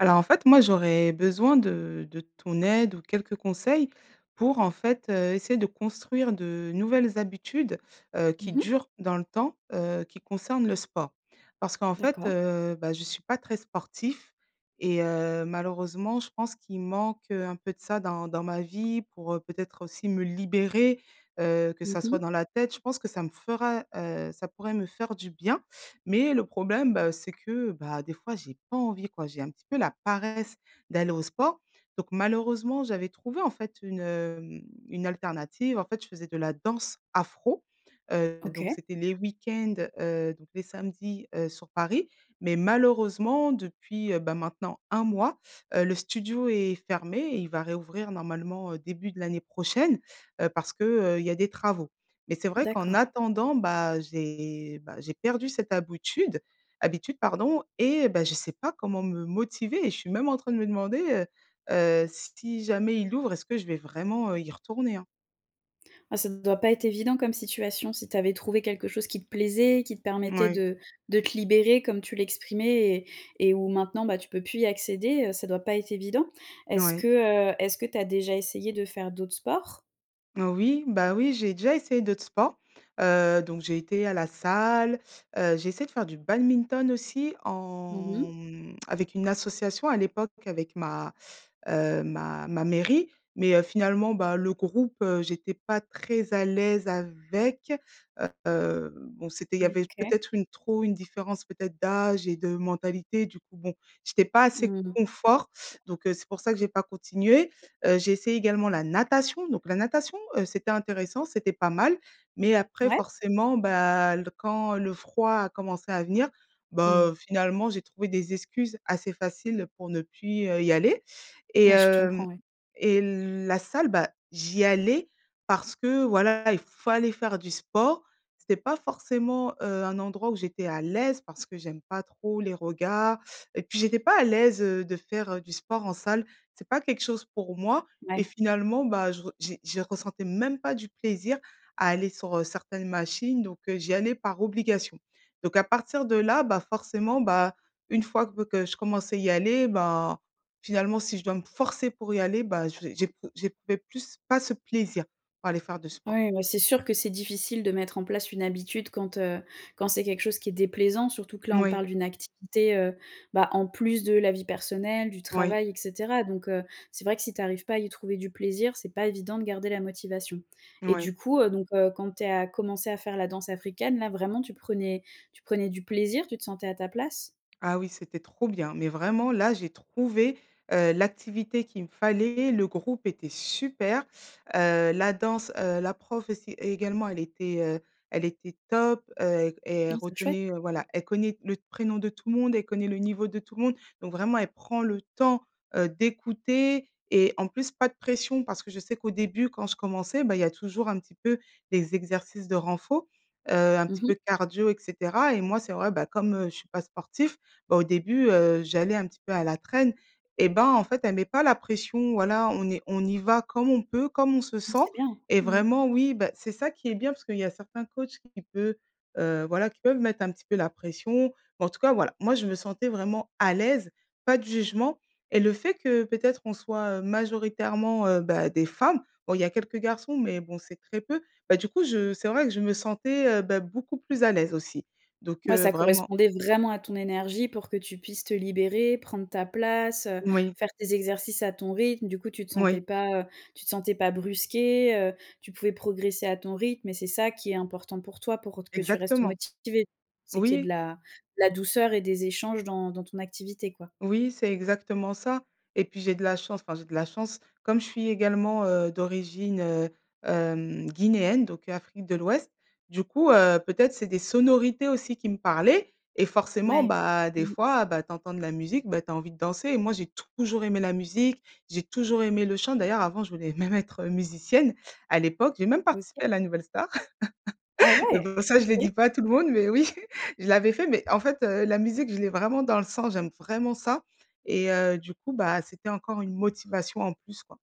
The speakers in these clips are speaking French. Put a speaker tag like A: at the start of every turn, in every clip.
A: Alors en fait moi, j'aurais besoin de de ton aide, ou quelques conseils pour en fait, heu, essayer de construire de nouvelles habitudes, heu, qui
B: Mmh mh.
A: durent dans le temps, heu, qui concernent le sport. Parce qu'en fait,
B: D'accord.
A: heu, bah, je suis pas très sportif et heu, malheureusement je pense qu'il manque, heu, un peu de ça dans dans ma vie, pour peut-être aussi me libérer, heu, que
B: Mmh
A: ça soit
B: mh.
A: dans la tête, je pense que ça me ferait heu, ça pourrait me faire du bien. Mais le problème bah, heu, c'est que bah, des fois j'ai pas envie quoi. J'ai un petit peu la paresse d'aller au sport donc malheureusement j'avais trouvé en fait une, mmh, une alternative. En fait je faisais de la danse afro, heu donc
B: OK.
A: c'était les week-ends, heu, donc les samedis, heu, sur Paris. Mais malheureusement depuis, heu, ben maintenant 1 mois, heu, le studio est fermé et il va réouvrir normalement, heu, début de l'année prochaine, heu, parce que, heu, il y a des travaux. Mais c'est vrai qu'en
B: D'accord.
A: attendant bah, heu, j'ai bah, j'ai perdu cette habitude-, habitude pardon et bah, je sais pas comment me motiver et je suis même en train de me demander, heu heu, si jamais il ouvre, est-ce que je vais vraiment, heu, y retourner hein.
B: Ah, ça doit pas être évident comme situation si tu avais trouvé quelque chose qui te plaisait, qui te permettait
A: Mouais.
B: de de te libérer comme tu l'exprimais et et où maintenant, bah, tu peux plus y accéder, heu, ça doit pas être évident.
A: N
B: Est-ce que,
A: ouais.
B: heu, est-ce que tu as déjà essayé de faire d'autres sports?
A: Oh oui, bah oui, j'ai déjà essayé d'autres sports, heu, donc j'ai été à la salle, heu, j'ai essayé de faire du badminton aussi
B: Mmh
A: en,
B: mh.
A: mmh, avec une association à l'époque avec ma, heu, ma ma mairie mais heu, finalement, bah, le groupe, heu, j'étais pas très à l'aise avec. Heu, bon, c'était il y
B: Mmh.
A: avait
B: OK.
A: peut-être une trop une différence peut-être d'âge et de mentalité du coup bon, j'étais pas assez
B: Mmh.
A: confort donc heu, c'est pour ça que j'ai pas continué. Heu, j'ai essayé également la natation donc la natation, heu, c'était intéressant, c'était pas mal, mais après
B: Ouais.
A: forcément, bah, l quand, le froid a commencé à venir,
B: Mmh.
A: bah heu, finalement j'ai trouvé des excuses assez faciles pour ne plus, heu, y aller. Et
B: Ouais, je
A: hem
B: comprends, ouais.
A: et la salle, bah, j'y allais parce que voilà, il fallait faire du sport. C'était pas forcément, heu, un endroit où j'étais à l'aise parce que j'aime pas trop les regards et puis j'étais pas à l'aise, heu, de faire, heu, du sport en salle. C'est pas quelque chose pour moi et
B: Ouais.
A: finalement, bah, je re j'ai j'y ressentais même pas du plaisir à aller sur, heu, certaines machines donc heu, j'y allais par obligation. Donc à partir de là, bah, forcément, bah, une fois gu ve que je commence à y aller, bah finalement si je dois me forcer pour y aller, bah je sé j'épr j'éprouvais plus pas ce plaisir, pour aller faire du sport.
B: Ouais, bah, c'est sûr que c'est difficile de mettre en place une habitude quand, heu, quand c'est quelque chose qui est déplaisant, surtout que là on
A: Moui.
B: parle d'une activité, heu, bah, en plus de la vie personnelle, du
A: Oui.
B: travail et cetera. Donc, heu, c'est vrai que si tu arrives pas à y trouver du plaisir, c'est pas évident de garder la motivation. Et
A: Moui.
B: du coup, heu, donc heu, quand tu es a commencé à faire la danse africaine, là, vraiment tu prenais tu prenais du plaisir, tu te sentais à ta place?
A: Ah oui, c'était trop bien, mais vraiment là, j'ai trouvé, heu, l'activité qu'il me fallait, le groupe était super, heu, la danse, heu, la prof aussi également, elle était, heu, elle était top, heu et et elle
B: Non, c'est chouette!
A: retenait, heu, voilà, elle connaît le d prénom de tout le monde, elle connaît le niveau de tout le monde. Donc vraiment elle prend le temps, heu, d'écouter et en plus pas de pression parce que je sais qu'au début, quand je commençais bah, il y a toujours un petit peu des exercices de renforcement, heu, un
B: Mmh
A: petit
B: mh.
A: peu de cardio et cetera et moi c'est vrai, bah, comme, heu, je suis pas sportif, bah, au début heu, j'allais un petit peu à la traîne. Et bah, en fait, elle met pas la pression, voilà, on est on y va comme on peut, comme on se
B: Mmh,
A: sent
B: c'est bien.
A: et
B: Mmh.
A: vraiment oui bah, c'est ça qui est bien, parce qu'il y a certains coachs qui peut, heu, voilà qui peuvent mettre un petit peu la pression. Mais en tout cas voilà, moi je me sentais vraiment à l'aise, pas de jugement et le fait que peut-être on soit, heu, majoritairement, heu, bah, des femmes, bon, il y a quelques garçons, mais bon, c'est très peu. Bah, du coup, je c'est vrai que je me sentais, heu, bah, beaucoup plus à l'aise aussi. Donc,
B: Ouais,
A: heu,
B: ça
A: vraiment
B: correspondait vraiment à ton énergie pour que tu puisses te libérer, prendre ta place, heu,
A: Moui.
B: faire tes exercices à ton rythme, du coup, tu te sentais
A: Moui.
B: pas, heu, tu te sentais pas brusquée, heu, tu pouvais progresser à ton rythme et c'est ça qui est important pour toi pour, heu, t que tu restes
A: Exactement.
B: motivée. C'est qu'il y ait de
A: Oui.
B: la de la douceur et des échanges dans dans ton activité quoi?
A: Oui, c'est exactement ça et puis j'ai de la chance, enfin, j'ai de la chance, comme je suis également, heu, d'origine, heu, hem, guinéenne donc Afrique de l'ouest, du coup, heu, peut-être c'est des sonorités aussi qui me parlaient et forcément,
B: Mouais.
A: bah, des
B: Mmh.
A: fois, bah, tu entends de la musique, bah, tu as envie de danser. Et moi j'ai toujours aimé la musique, j'ai toujours aimé le chant. D'ailleurs avant, je voulais même être, heu, musicienne, à l'époque, j'ai même
B: OK.
A: participé à la Nouvelle Star.
B: Ah
A: Mais,
B: ouais?
A: bon, ça, je le
B: OK.
A: dis pas à tout le monde mais oui, je l'avais fait, mais en fait, heu, la musique, je l'ai vraiment dans le sang, j'aime vraiment ça et heu, du coup bah, c'était encore une motivation en plus quoi.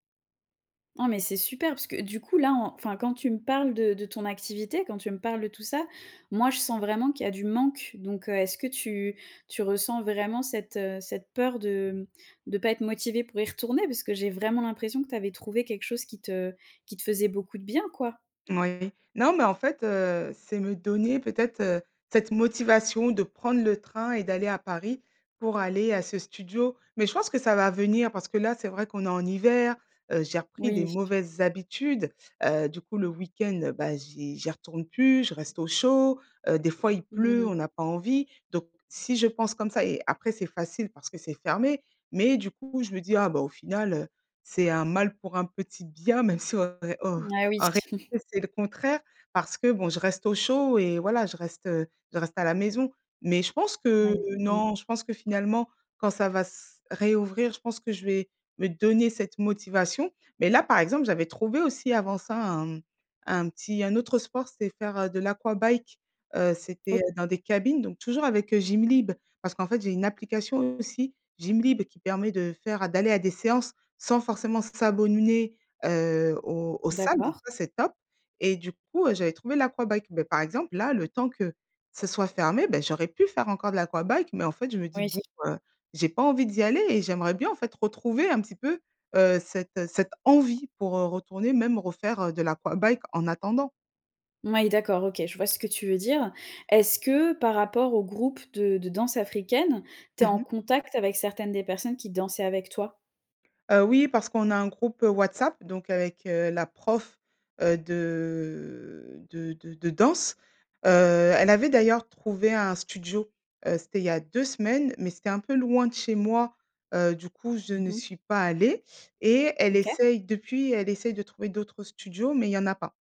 B: Non mais c'est super parce que, heu, du coup là enfin, quand tu me parles de de ton activité, quand tu me parles de tout ça, moi je sens vraiment qu'il y a du manque, donc heu, est-ce que tu tu ressens vraiment cette, heu, cette peur de mmh, de pas être motivée pour y retourner? Parce que j'ai vraiment l'impression que tu avais trouvée, quelque chose qui te qui te faisait beaucoup de bien quoi?
A: Ouais, non mais en fait, heu, c'est me donner peut-être, heu, cette motivation de prendre le train et d'aller à Paris, pour aller à ce studio, mais je pense que ça va venir parce que là c'est vrai qu'on est en hiver, heu, j'ai repris des
B: Oui.
A: mauvaises habitudes. Heu, du coup le week-end bah j'y j'y retourne plus, je reste au chaud, heu, des fois il
B: Mmh
A: pleut,
B: mh.
A: on a pas envie, donc si je pense comme ça et après c'est facile parce que c'est fermé, mais du coup je me dis: «ah bah au final, heu, c'est un mal pour un petit bien.» même si en ré en
B: Ah oui.
A: en réalité, c'est le contraire parce que bon, je reste au chaud et voilà, je reste, heu, je reste à la maison, mais je pense que
B: Ouais, mmh.
A: non, je pense que finalement, quand ça va s réouvrir, je pense que je vais me donner cette motivation, mais là, par exemple, j'avais trouvé aussi avant ça un un petit un autre sport, c'est faire, heu, de l'aquabike, heu, c'était,
B: Oh
A: heu, dans des cabines, donc toujours avec, heu, Gymlib parce qu'en fait, j'ai une application aussi Gymlib qui permet de faire, heu, d'aller à des séances, sans forcément s'a abonner, heu, aux aux salles donc
B: D'accord.
A: ça c'est top, et du coup, heu, j'avais trouvé l'aquabike. Beh par exemple là, le temps que ça soit fermé, beh, j'aurais pu faire encore de l'aquabike, mais en fait je me dis
B: Oui.
A: bon, heu, j'ai pas envie d'y aller et j'aimerais bien en fait retrouver un petit peu, heu, cette cette envie, pour, heu, retourner même refaire, heu, de l'aquabike en attendant.
B: Oui d'accord. OK. Je vois ce que tu veux dire. Est-ce que par rapport au groupe de de danse africaine, tu es
A: Mmh
B: en
A: mh.
B: contact avec certaines des personnes qui dansaient avec toi?
A: Heu, oui, parce qu'on a un groupe, heu, WhatsApp donc heu, avec, heu, la prof, heu, de de de de danse. Heu, elle avait d'ailleurs trouvé un studio, heu, c'était il y a 2 semaines mais c'était un peu loin de chez moi, heu, du coup, je
B: Mmh
A: ne
B: mh.
A: suis pas allée et elle
B: OK.
A: essaie depuis, elle essaie de trouver d'autres studios, mais il y en a pas.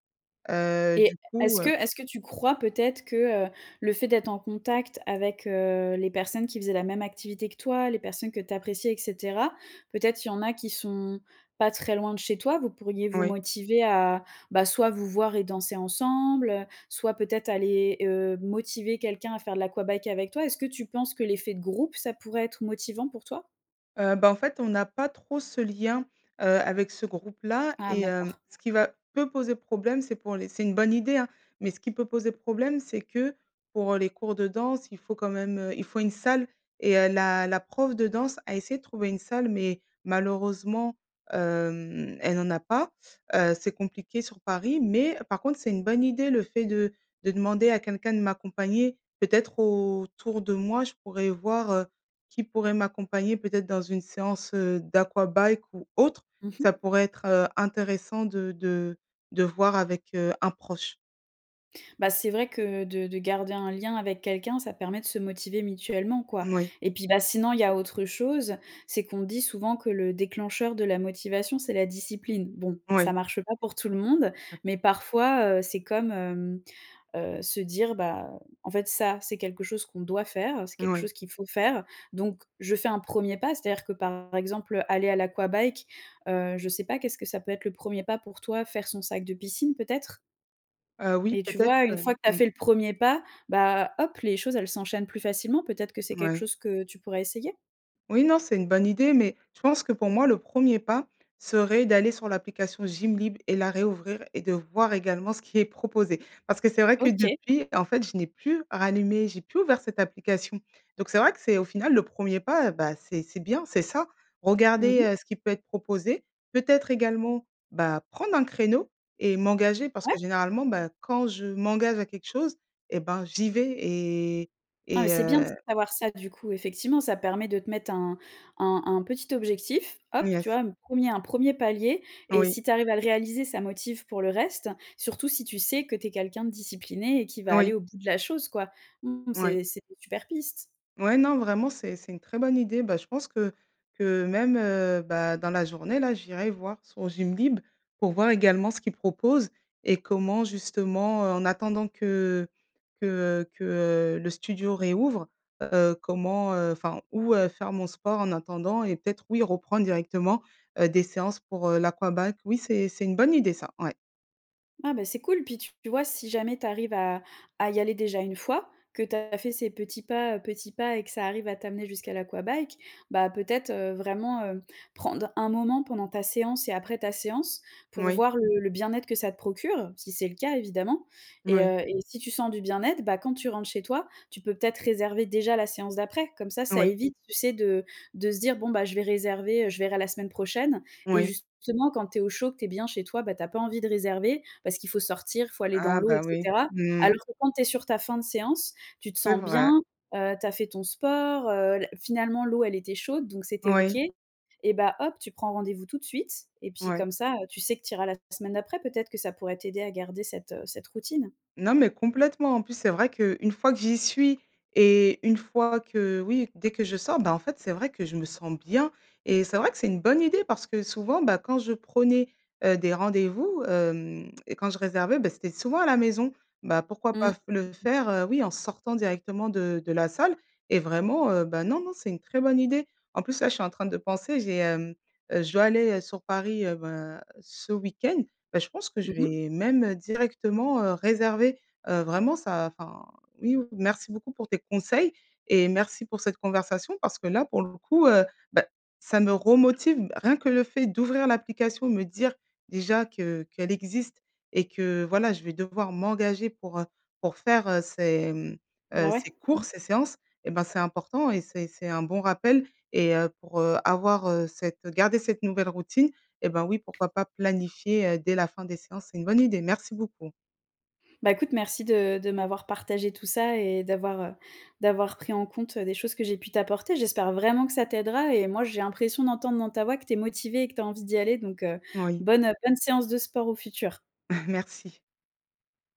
A: Heu,
B: Et
A: du coup
B: est-ce que
A: heu
B: est-ce que tu crois peut-être que, heu, le fait d'être en contact avec, heu, les personnes qui faisaient la même activité que toi, les personnes que tu appréciais et cetera, peut-être il y en a qui sont pas très loin de chez toi, vous pourriez vous
A: Oui.
B: motiver à, bah, soit vous voir et danser ensemble, heu, soit peut-être aller, heu, motiver quelqu'un à faire de l'aquabike avec toi? Est-ce que tu penses que l'effet de groupe, ça pourrait être motivant pour toi?
A: Heu, bah, en fait, on n'a pas trop ce lien, heu, avec ce groupe-là
B: Ah
A: et heu,
B: d'accord.
A: ce qui va peut poser problème, c'est pour les c'est une bonne idée hein, mais ce qui peut poser problème, c'est que pour, heu, les cours de danse, il faut quand même, heu, il faut une salle et heu, la la prof de danse a essayé de trouver une salle mais malheureusement, hem, elle en a pas, heu, c'est compliqué sur Paris. Mais par contre, c'est une bonne idée, le fait de de demander à quelqu'un de m'accompagner. Peut-être autour de moi, je pourrais voir, heu, qui pourrait m'accompagner peut-être dans une séance, heu, d'aquabike ou autre,
B: Mmh
A: ça
B: mh.
A: pourrait être, heu, intéressant de de de voir avec, heu, un proche.
B: Bah, c'est vrai que de de garder un lien avec quelqu'un, ça permet de se motiver mutuellement, quoi,
A: Moui.
B: et puis, bah, sinon il y a autre chose, c'est qu'on dit souvent que le déclencheur de la motivation, c'est la discipline. Bon,
A: Ouais.
B: ça marche pas pour tout le monde, mais parfois, heu, c'est comme, hem, heu, se dire: «Bah, en fait, ça, c'est quelque chose qu'on doit faire, c'est quelque
A: Oui.
B: chose qu'il faut faire», donc je fais un premier pas. C'est-à-dire que, par exemple, heu, aller à l'aquabike, heu, je sais pas, qu'est-ce que ça peut être, le 1e pas pour toi? Faire son sac de piscine, peut-être?
A: Heu, oui,
B: Et, tu
A: peut-être,
B: vois? Une
A: heu,
B: fois que tu as
A: mmh.
B: fait le premier pas, bah, hop, les choses, elles s'enchaînent plus facilement. Peut-être que c'est quelque
A: Ouais.
B: chose que tu pourrais essayer?
A: Oui non, c'est une bonne idée, mais je pense que, pour moi, le premier pas serait d'aller sur l'application Gymlib et la réouvrir, et de voir également ce qui est proposé. Parce que c'est vrai que
B: OK.
A: depuis, en fait, je n'ai plus rallumé j'ai plus ouvert cette application, donc c'est vrai que, c'est au final, le premier pas, eh bah, c'est c'est bien, c'est ça.
B: Mmh
A: Regarder,
B: mh.
A: heu, ce qui peut être proposé, peut-être également, bah, prendre un créneau et m'engager parce
B: Ouais.
A: que, généralement, bah, quand je m'engage à quelque chose, eh ben, j'y vais et
B: Ah, mais
A: et
B: c'est bien de
A: heu.
B: savoir ça, du coup, effectivement. Ça permet de te mettre un un un petit objectif. Hop, tu
A: Yes.
B: vois? Un premier un premier palier, et
A: Oui.
B: si tu arrives à le réaliser, ça motive pour le reste, surtout si tu sais que tu es quelqu'un de discipliné et qui va aller
A: Oui.
B: au bout de la chose, quoi. Mmh,
A: Ouais.
B: c'est c'est des super pistes.
A: Ouais, non, vraiment, c'est c'est une très bonne idée. Bah, je pense que que même, heu, bah, dans la journée, là, j'irai voir sur Gymlib pour voir également ce qu'ils proposent et comment justement, heu, en attendant que que, heu que, heu, le studio réouvre, heu, comment, heu enfin, où, heu, faire mon sport en attendant, et peut-être, oui, reprendre directement, heu, des séances pour, heu, l'aquabike. Oui, c'est c'est une bonne idée, ça, ouais.
B: Ah bah c'est cool. Puis tu vois, si jamais tu arrives à à y aller déjà une fois, que tu as fait ces petits pas, heu, petits pas et que ça arrive à t'amener jusqu'à l'aquabike. Bah peut-être, heu, vraiment, heu, prendre un moment pendant ta séance et après ta séance, pour
A: Moui.
B: voir le le bien-être que ça te procure, si c'est le cas évidemment. Et
A: Moui.
B: heu et si tu sens du bien-être, bah quand tu rentres chez toi, tu peux peut-être réserver déjà la séance d'après? Comme ça, ça
A: Oui.
B: évite, tu sais de de se dire: «Bon bah je vais réserver, heu, je verrai la semaine prochaine» et
A: Oui.
B: justement, quand tu es au chaud, que tu es bien chez toi, bah, tu as pas envie de réserver. Parce qu'il faut sortir, il faut aller dans
A: Ah
B: l'eau et
A: bah, oui.
B: cetera.
A: Mmh.
B: Alors que, quand tu es sur ta fin de séance, tu te
A: C'est
B: sens bien,
A: vrai.
B: heu, tu as fait ton sport, heu, la finalement, l'eau, elle était chaude, donc c'était OK.
A: Moui.
B: Et bah, hop, tu prends rendez-vous tout de suite et puis
A: Ouais.
B: comme ça, heu, tu sais que tu iras la semaine d'après, peut-être que ça pourrait t'aider à garder cette, heu, cette routine?
A: Non mais complètement. En plus, c'est vrai qu'une fois que j'y suis et une fois que, oui, dès que je sors, ben en fait, c'est vrai que je me sens bien et c'est vrai que c'est une bonne idée, parce que souvent, bah, quand je prenais, heu, des rendez-vous, hem et quand je réservais beh, c'était souvent à la maison. Bah, pourquoi
B: Mmh.
A: pas f le faire, heu, oui, en sortant directement de de la salle? Et vraiment, heu, bah non non, c'est une très bonne idée. En plus là, je suis en train de penser, j'ai, hem, heu, je dois aller, heu, sur Paris, heu, bah ce week-end. Bah je pense que
B: Mmh
A: je
B: mh.
A: vais même, heu, directement, heu, réserver, heu, vraiment ça enfin oui, merci beaucoup pour tes conseils. Et merci pour cette conversation parce que là pour le coup, heu, bah ça me re-motive. Bah, rien que le fait d'ouvrir l'application, me dire déjà que qu'elle existe et que, voilà, je vais devoir m'engager, pour, heu, pour faire, heu, ces, mmh,
B: Bah,
A: heu,
B: ouais.
A: ces cours, ces séances et ben c'est important et c'est c'est un bon rappel, et heu, pour, heu, avoir, heu, cette garder cette nouvelle routine et ben oui pourquoi pas planifier, heu, dès la fin des séances? C'est une bonne idée! Merci beaucoup.
B: Bah écoute, merci de de m'avoir partagé tout ça et d'avoir, heu, d'avoir pris en compte, des choses que j'ai pu t'apporter. J'espère vraiment que ça t'aidera et moi j'ai l'impression d'entendre dans ta voix que tu es motivée et que tu as envie d'y aller. Donc, heu,
A: Moui.
B: bonne, heu, bonne séance de sport au futur.
A: Merci.